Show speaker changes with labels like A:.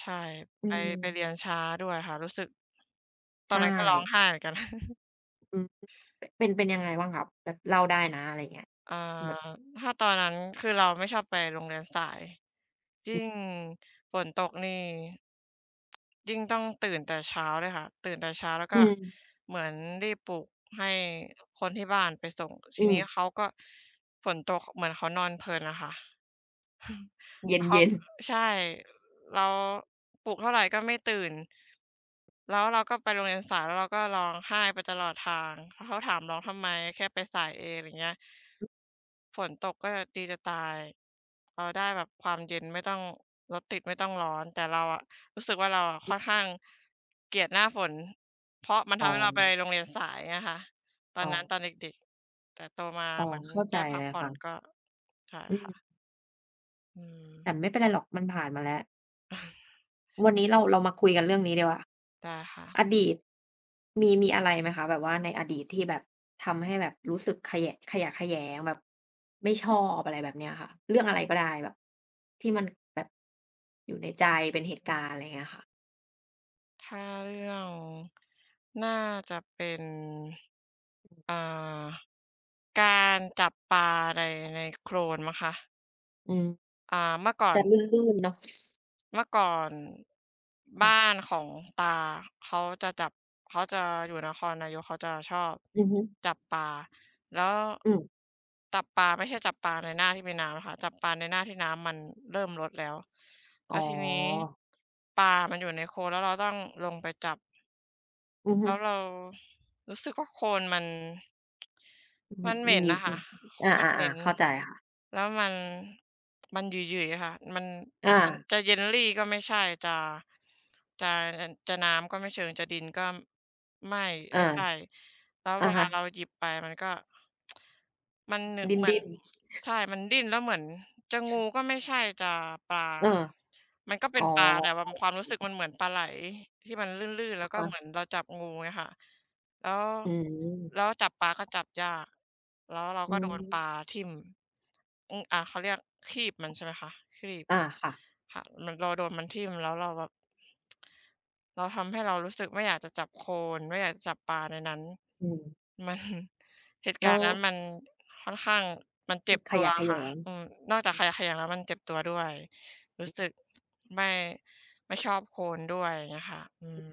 A: ใช่
B: อื
A: ไป ไปเ
B: ม
A: รียนช้าด้วยค่ะ รู้สึก ต
B: ใ
A: อ
B: ช
A: นนั้นก็ร้อง
B: ่
A: ไห้เหมือนกัน
B: อืม เป็น เป็นยังไงบ้างคะ แบบเล่าได้นะ อะไรอย่างเงี้ย
A: อา
B: แบบ
A: ถ้าตอนนั้นคือเราไม่ชอบไปโรงเรียนสาย ยิ่งฝนตกนี่ ยิ่งต้องตื่นแต่เช้าด้วยค่ะ ตื่นแต่เช้า แล้ว
B: อ
A: ก็
B: ืม
A: เหมือนรีบปลูกให้คนที่บ้านไปส่ง ท
B: อื
A: ีนี้
B: ม
A: เขาก็ ฝนตกเหมือนเขานอนเพลินอะค่ะ
B: เ
A: แล้วเข
B: ย
A: า
B: ็น
A: ก อ
B: ๆ
A: ใช่ เรา ปลุกเท่าไรก็ไม่ตื่น แล้วเราก็ไปโรงเรียนสาย แล้วเราก็ร้องไห้ไปตลอดทาง แล้วเขาถาม "ร้องทำไม? แค่ไปสายเอง" อะไรอย่างเงี้ย ฝนตกก็แบบดีจะตาย เราได้แบบความเย็น ไม่ต้องรถติด ไม่ต้องร้อน แต่เราอะรู้สึกว่า เราค่อนข้าง เกลียดหน้าฝน เพราะมันท
B: อ๋
A: ำให้เราไป
B: อ
A: โรงเรียนสายอะค่ะ ตอ
B: อ๋
A: นนั้น
B: อ
A: ตอนเด็ก ๆ แต่โตมา
B: อ๋อ
A: เหมือน
B: เข้า
A: ไ
B: ใ
A: ด
B: จ
A: ้พ
B: เ
A: ั
B: ล
A: ก
B: ย
A: ผ่อ
B: ค่
A: น
B: ะ
A: ก็ ใช่
B: อื
A: ค่ะ
B: ม
A: อืม
B: แต่ไม่เป็นไรหรอก มันผ่านมาแล้ว วันนี้เรา เรามาคุยกันเรื่องนี้ดีกว่า
A: ได้ค่ะ
B: "อดีต" มี มีอะไรไหมคะ แบบว่าในอดีตที่แบบ ทำให้แบบรู้สึกขยะ ขยะแขยง แบบไม่ชอบ อะไรแบบเนี้ยค่ะ เรื่องอะไรก็ได้แบบ ที่มันแบบ อยู่ในใจ เป็นเหต
A: อื
B: ุกา
A: อ
B: รณ์? อะไรอย่างเงี้ยค่ะ
A: ถ้าเรื่อง น่าจะเป็น
B: อือ
A: เอ่อ การจับปลาใน ในโคลนมั้งคะ
B: อืม
A: อ่า เมื่อก่อ
B: จะ
A: น
B: ลื่น ๆ เนาะ
A: เมื่อก่อน
B: ค
A: บ
B: ่ะ
A: ้านของตาเขาจะจับ เขาจะอยู่นครนายก เขาจะชอบ
B: อือฮึ
A: จับปลา แล้ว
B: อืม
A: จับปลาไม่ใช่จับปลาในหน้าที่มีน้ำอะค่ะ จับปลาในหน้าที่น้ำมันเริ่มลดแล้ว แ
B: อ
A: ล
B: ๋
A: ้วทีนี้
B: อ
A: ปลามันอยู่ในโคลน แล้วเราต้องลงไปจับ
B: อือฮ
A: แล้ว
B: ึ
A: เรา รู้สึกว่าโคลนมัน
B: อ
A: มันเหม็น
B: งี้
A: น่ะค
B: อ
A: ่
B: ื
A: ะ โคลน
B: อ
A: มั
B: อ
A: นเหม็
B: า ๆ
A: น
B: ๆ เข้าใจค่ะ
A: แล้วมัน มันหยึย ๆ ค่ะ มัน
B: อ
A: มัน
B: า
A: จะ jelly ก็ไม่ใช่ จะ จะ จะ น้ำก็ไม่เชิง จะดินก็ไม่
B: อ
A: ไ
B: า
A: ม่ใช่ แล้ว
B: อะ
A: เวล
B: ฮ
A: าเร
B: ะ
A: าหยิบไปมันก็ มัน น
B: ดิ
A: เหมือน
B: ้น ๆ
A: ใช่ มันดิ้น แล้วเหมือนจะงูก็ไม่ใช่ จะปลา
B: เออ
A: มันก็เป
B: อ
A: ็
B: ๋
A: น
B: อ
A: ปลา แต่แบบความรู้สึกมันเหมือนปลาไหลที่มันลื่น ๆ แ
B: อ
A: ล้ว
B: ะ
A: ก็
B: ฮ
A: เ
B: ะ
A: หมือนเราจับงู อย่างเงี้ยค่ะ แล้ว
B: อืม
A: แล้วจับปลาก็จับยาก แล้วเรา
B: อื
A: ก็โดนปลา
B: ม
A: ทิ่ม อืม อา เขาเรียกครีบมันใช่ไหมคะ ครีบ
B: อา ค่ะ
A: ค่ะ เหมือนเราโดนมันทิ่ม แล้วเราแบบ แล้วทำให้เรารู้สึกไม่อยากจะจับโคลน ไม่อยากจะจับปลาในนั้น
B: อืม
A: มัน เหตุ
B: แล
A: กา
B: ้
A: รณ
B: ว
A: ์นั้นมันค่อนข้าง มันเ
B: ค
A: จ
B: ื
A: ็บ
B: อข
A: ตั
B: ย
A: ว
B: ะแข
A: ค
B: ย
A: ่ะ
B: ง
A: อืม นอกจากขยะแขยง แล้วมันเจ็บตัวด้วย รู้สึก ไม่ ไม่ชอบโคลนด้วย อย่างเงี้ยค่ะ อืม